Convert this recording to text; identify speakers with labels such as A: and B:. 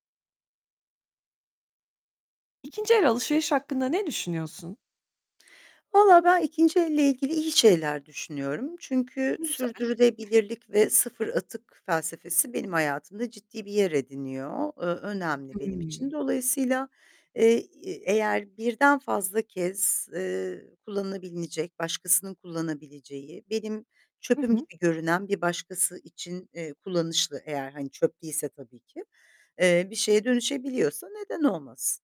A: İkinci el alışveriş hakkında ne düşünüyorsun?
B: Vallahi ben ikinci elle ilgili iyi şeyler düşünüyorum. Çünkü
A: Güzel.
B: sürdürülebilirlik ve sıfır atık felsefesi benim hayatımda ciddi bir yer ediniyor, eee, önemli benim için.
A: Hımm.
B: Dolayısıyla, eee, e eğer birden fazla kez, eee, kullanılabilecek, başkasının kullanabileceği, benim
A: Hı
B: çöpüm
A: hı.
B: gibi görünen bir başkası için, eee, kullanışlı eğer hani çöp değilse tabii ki, eee, bir şeye dönüşebiliyorsa neden olmasın?